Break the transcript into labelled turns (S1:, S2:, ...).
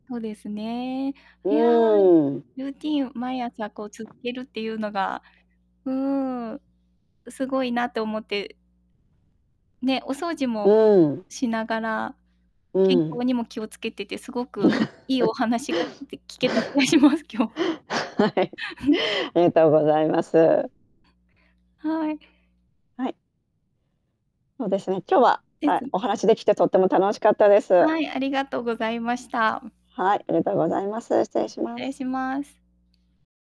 S1: そうですね。
S2: う
S1: いや、
S2: ーん。
S1: ルーティンを毎朝こう続けるっていうのが、うーん、すごいなと思ってね、お掃除
S2: う
S1: も
S2: ーん。
S1: しながら、
S2: う
S1: 健
S2: ん。
S1: 康にも気をつけてて、すごくいいお 話がきいて聞 けた気がします、今日。
S2: はい。ありがとうございます。
S1: はい。
S2: はい。そうですね。今日は、
S1: で
S2: た
S1: す
S2: お
S1: ね。
S2: 話できてとても楽しかったです。
S1: はい、ありがとうございました。
S2: はい、ありがとうございます。失礼し
S1: 失
S2: ま
S1: 礼
S2: す。
S1: します。